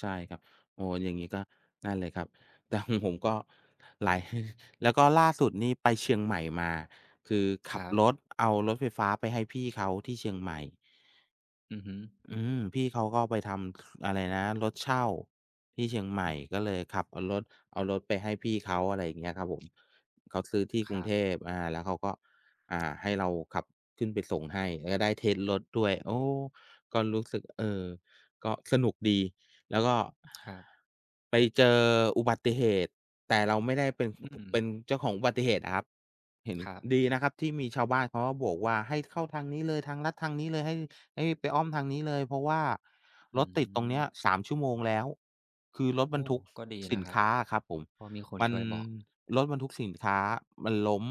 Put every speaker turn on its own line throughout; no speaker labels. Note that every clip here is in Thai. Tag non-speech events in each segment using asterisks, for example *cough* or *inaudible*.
ใช่ครับ โอ้โฮ อย่างงี้ก็นั่นเลยครับ แต่ ของผมก็หลาย *chuckles* แล้วก็ล่าสุดนี่ไปเชียงใหม่มา คือข
ค
ั
ร
บ
ั
ร
บ
ถเอารถไฟฟ้าไปให้พี่เขาที่เชียงใหม่
อือฮึ
อืม พี่เขาก็ไปทำ อะไรนะ รถเช่าที่เชียงใหม่
อือ
ก็เลยขับเอารถ เอารถไปให้พี่เขา อะไรอย่างเงี้ยครับผม เขาซื้อที่ก
ค
ร
ร
ุง
ั
เท
บ
พ อ่า แล้วเขาก็ อ่า ให้เราขับขึ้นไปส่งให้ ก็ได้เทสต์รถด้วย โอ้ ก็รู้สึก เออ ก็สนุกดีแล้วก็
ครับ
ไปเจออุบัติเหตุ แต่เราไม่ได้เป็น
อื
เป็
ม
นเจ้าของอุบัติเหตุอะครับ เห็น
ครับ
ดีนะครับที่มีชาวบ้านเขาก็โบกว่า "ให้เข้าทางนี้เลย ทางลัดทางนี้เลย ให้ ให้ไปอ้อมทางนี้เลย เพราะว่า
อื
รถติดตรงเนี้ย
ม
3 ชั่วโมงแล้ว" คือรถ
โ
บ
อ
รร
้
ทุก
ก็ดี
ส
น
ิ
ะ
น
ครั
ค
บ
้าอะครับผม
เพราะมีคน
มั
ช
น
่วยบอก
รถบรรทุกสินค้ามันล้ม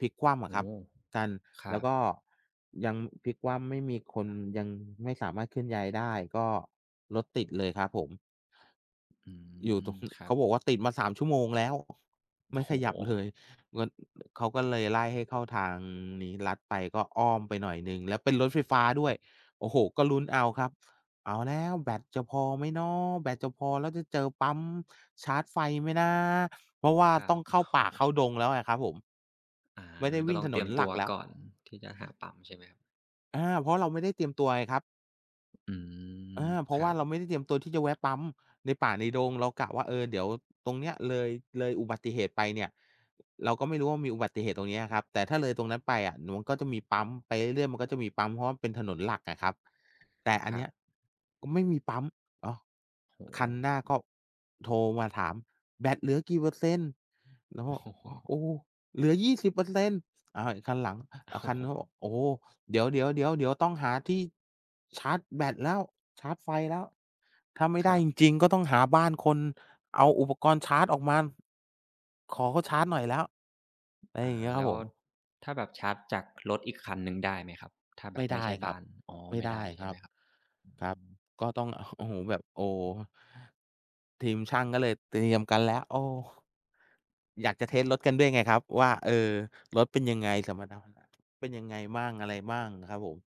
พลิกคว่ำอ
โอ
ะค
้
รั
โฮ
บ กัน
คร
แล้
ั
วก
บ
็ยังพลิกคว่ำ ไม่มีคน ยังไม่สามารถเคลื่อนย้ายได้ ก็รถติดเลยครับผม
อื
อยู่ตร
ม
ง
คร
เ
ั
ข
บ
าบอกว่า "ติดมา 3 ชั่วโมงแล้ว ไ
โ
ม
อ้
่
โฮ
ขยับเลย" มัน เขาก็เลยไล่ให้เข้าทางนี้ลัดไป ก็อ้อมไปหน่อยหนึ่ง แล้วเป็นรถไฟฟ้าด้วย โอ้โฮ ก็ลุ้นเอาครับ เอาแล้วแบตจะพอไหมเนาะ แบตจะพอ แล้วจะเจอปั๊มชาร์จไฟไหมนะ? เพราะว่า
คร
ต
ั
้อ
บ
งเ
โ
ข้าป
อ้
่า
โฮ
เข้าดงแล้วไงครับผม
อา
ไม่ได้ว
ก็
ิ่
ต
ง
้อง
ถ
เ
น
ตรี
น
ยม
ห
ต
ลั
ัว
กแล้ว
ก่อน ที่จะหาปั๊ม ใช่ไหมครับ?
อา เพราะเราไม่ได้เตรียมตัวไงครับ
อื
อ
ม
า เพรา
ค
ะ
ร
ว่
ั
า
บ
เราไม่ได้เตรียมตัวที่จะแวะปั๊ม ในป่า ในดง เรากะว่า เออ เดี๋ยวตรงเนี้ยเลย เลยอุบัติเหตุไปเนี่ย เราก็ไม่รู้ว่า มีอุบัติเหตุตรงนี้อะครับ แต่ถ้าเลยตรงนั้นไปอะ เดี๋ยวมันก็จะมีปั๊ม ไปเรื่อย ๆ มันก็จะมีปั๊ม เพราะว่าเป็นถนนหลักอะครับ แต่อั
ค
นเ
ร
น
ั
ี้ย
บ
ก็ไม่มีปั๊ม อ๋อ
โอ้โฮ
คันหน้าก็โทรมาถาม "แบตเหลือกี่เปอร์เซ็นต์?" เราก
โอ
็
้โฮ
"โอ้ เหลือ 20%" อะ ไอคันหลัง
โอ
อะ ค
้
ัน
โ
โน้นก็
ฮ
บอก "โอ้ เดี๋ยว ๆ ๆ เดี๋ยวต้องหาที่ชาร์จแบตแล้ว ชาร์จไฟแล้ว ถ้าไม่ไ
ค
ด
ร
้
ั
จ
บ
ริง ๆ ก็ต้องหาบ้านคน เอาอุปกรณ์ชาร์จออกมา ขอเขาชาร์จหน่อยแล้ว" อะไร
อ
อ
า
ย่างงี้คร
แล
ับ
้ว
ผม
ถ้าแบบชาร์จจากรถอีกคันหนึ่งได้ไหมครับ ถ้าแบ
ไม่
บไ
ไ
ม
ด
่ใ
้
ช่บ
คร
้
ั
า
บ
น? อ๋อ
ไม่
ไม่
ได
ได
้
้ใช
ค
่ไ
ร
ห
ั
ม
บ
ครับ
ค
อ
รั
ื
บ
ม
ก็ต้อง โอ้โฮ แบบ โอ้ ทีมช่างก็เลยเตรียมกันแล้ว โอ้ อยากจะเทสต์รถกันด้วยไงครับว่า เออ รถเป็นยังไง สมรรถนะเป็นยังไงบ้าง อะไรบ้างอะครับผม?